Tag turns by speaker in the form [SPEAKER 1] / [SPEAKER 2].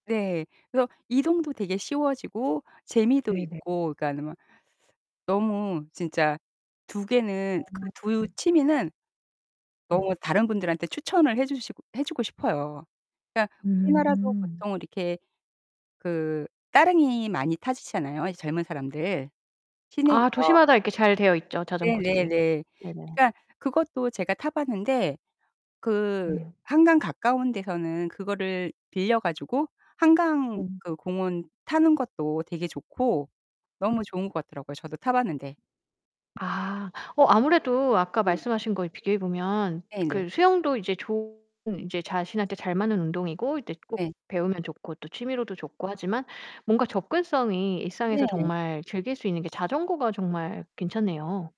[SPEAKER 1] 네. 그래서 이동도 되게 쉬워지고 재미도
[SPEAKER 2] 네네.
[SPEAKER 1] 있고 그러니까는 막 너무 진짜 2 개는 그 2
[SPEAKER 2] 음.
[SPEAKER 1] 취미는
[SPEAKER 2] 네.
[SPEAKER 1] 너무 다른 분들한테 추천을 해 주시고 해 주고 싶어요. 그러니까 우리나라도
[SPEAKER 2] 음.
[SPEAKER 1] 보통 이렇게 그 따릉이 많이 타시잖아요, 이 젊은 사람들
[SPEAKER 2] 아
[SPEAKER 1] 시내에서.
[SPEAKER 2] 도시마다 이렇게 잘 되어 있죠, 자전거들이.
[SPEAKER 1] 네네네.
[SPEAKER 2] 네네.
[SPEAKER 1] 그러니까 그것도 제가 타 봤는데 그
[SPEAKER 2] 예.
[SPEAKER 1] 한강 가까운 데서는 그거를 빌려 가지고 한강
[SPEAKER 2] 음.
[SPEAKER 1] 그 공원 타는 것도 되게 좋고 너무 좋은 것 같더라고요, 저도 타 봤는데.
[SPEAKER 2] 아. 어 아무래도 아까
[SPEAKER 1] 네.
[SPEAKER 2] 말씀하신 거에 비교해 보면
[SPEAKER 1] 네네.
[SPEAKER 2] 그 수영도 이제 좋은 이제 자신한테 잘 맞는 운동이고 이제 또 꼭
[SPEAKER 1] 네.
[SPEAKER 2] 배우면 좋고 취미로도 좋고 하지만 뭔가 접근성이 일상에서
[SPEAKER 1] 네.
[SPEAKER 2] 정말 즐길 수 있는 게 자전거가 정말 괜찮네요.